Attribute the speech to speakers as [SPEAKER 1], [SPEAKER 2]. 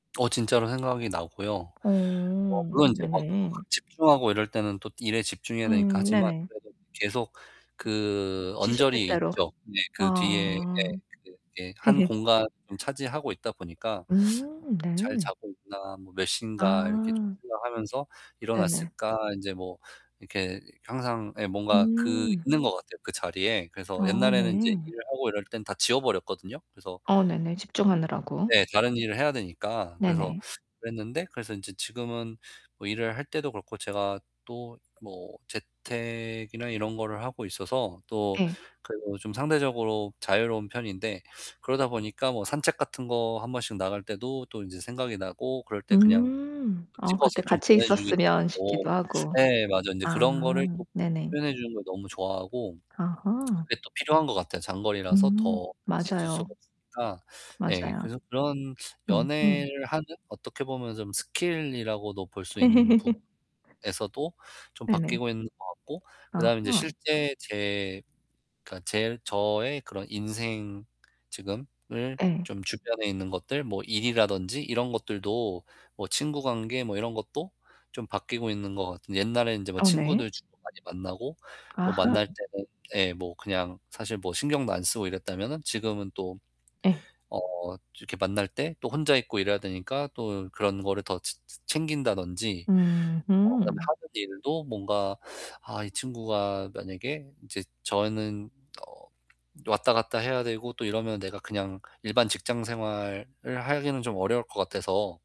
[SPEAKER 1] 어, 진짜로 생각이 나고요. 뭐,
[SPEAKER 2] 어.
[SPEAKER 1] 물론 이제 뭐
[SPEAKER 2] 네네.
[SPEAKER 1] [unintelligible] 집중하고 이럴 때는 또 일에 집중해야 되니까
[SPEAKER 2] 음,
[SPEAKER 1] 하지만
[SPEAKER 2] 네네.
[SPEAKER 1] 그래도 계속 그 언저리에
[SPEAKER 2] 시시때때로.
[SPEAKER 1] 있죠. 네, 그 뒤에 예,
[SPEAKER 2] 아.
[SPEAKER 1] 그게 한 공간을 차지하고 있다 보니까
[SPEAKER 2] 음
[SPEAKER 1] '잘
[SPEAKER 2] 네.
[SPEAKER 1] 자고 있나, 뭐 몇 시인가?' 이렇게 좀
[SPEAKER 2] 아.
[SPEAKER 1] 생각하면서
[SPEAKER 2] 네네.
[SPEAKER 1] '일어났을까?' 인제 뭐 이렇게 항상 예, 뭔가 그
[SPEAKER 2] 음.
[SPEAKER 1] 있는 것 같아요, 그 자리에. 그래서
[SPEAKER 2] 아,
[SPEAKER 1] 옛날에는 인제
[SPEAKER 2] 네.
[SPEAKER 1] 일을 하고 이럴 땐 다 지워 버렸거든요. 그래서
[SPEAKER 2] 어, 네네.
[SPEAKER 1] [unintelligible]
[SPEAKER 2] 집중하느라고.
[SPEAKER 1] 네, 다른 일을 해야 되니까. 그래서
[SPEAKER 2] 네네.
[SPEAKER 1] 그랬는데 그래서 인제 지금은 뭐 일을 할 때도 그렇고 제가 또 뭐 재택이나 이런 거를 하고 있어서 또
[SPEAKER 2] 예.
[SPEAKER 1] 그래도 요즘 상대적으로 자유로운 편인데 그러다 보니까 뭐 산책 같은 거 1 번씩 나갈 때도 또 인제 생각이 나고 그럴 때 그냥
[SPEAKER 2] 음
[SPEAKER 1] 그
[SPEAKER 2] 어, 그때
[SPEAKER 1] 찍어서 좀
[SPEAKER 2] 같이
[SPEAKER 1] 보내 주기도
[SPEAKER 2] 있었으면
[SPEAKER 1] 하고.
[SPEAKER 2] 싶기도 하고.
[SPEAKER 1] 예, 맞아요. 인제
[SPEAKER 2] 아
[SPEAKER 1] 그런 거를 좀
[SPEAKER 2] 네네.
[SPEAKER 1] 표현해 주는 걸 너무 좋아하고.
[SPEAKER 2] 아하.
[SPEAKER 1] 그게 또 필요한 것 같아요. 장거리라서
[SPEAKER 2] 음
[SPEAKER 1] 더 같이 있을 수가
[SPEAKER 2] 맞아요.
[SPEAKER 1] 없으니까. 네,
[SPEAKER 2] 맞아요.
[SPEAKER 1] 그래서 그런
[SPEAKER 2] 음, 음.
[SPEAKER 1] 연애를 하는 어떻게 보면 좀 스킬이라고도 볼 수 있는 부분에서도 좀
[SPEAKER 2] 네네.
[SPEAKER 1] 바뀌고 있는 것 같고 그다음에 인제
[SPEAKER 2] 아하.
[SPEAKER 1] 실제 제 그러니까 제 저의 그런 인생. 지금을
[SPEAKER 2] 예.
[SPEAKER 1] 좀 주변에 있는 것들 뭐 일이라든지 이런 것들도 뭐 친구 관계 뭐 이런 것도 좀 바뀌고 있는 것 같은 옛날에 인제 뭐
[SPEAKER 2] 어 네.
[SPEAKER 1] 친구들 주로 많이 만나고 뭐
[SPEAKER 2] 아하.
[SPEAKER 1] 만날 때는 예, 뭐 그냥 사실 뭐 신경도 안 쓰고 이랬다면은 지금은 또
[SPEAKER 2] 예.
[SPEAKER 1] 어 이렇게 만날 때 또 혼자 있고 이래야 되니까 또 그런 거를 더 치 채 챙긴다든지
[SPEAKER 2] 음
[SPEAKER 1] 뭐 그다음에
[SPEAKER 2] 흠.
[SPEAKER 1] 하는 일도 뭔가 아, 이 친구가 만약에 인제 저는 어, 왔다 갔다 해야 되고 또 이러면 내가 그냥 일반 직장 생활을 하기는 좀 어려울 것 같아서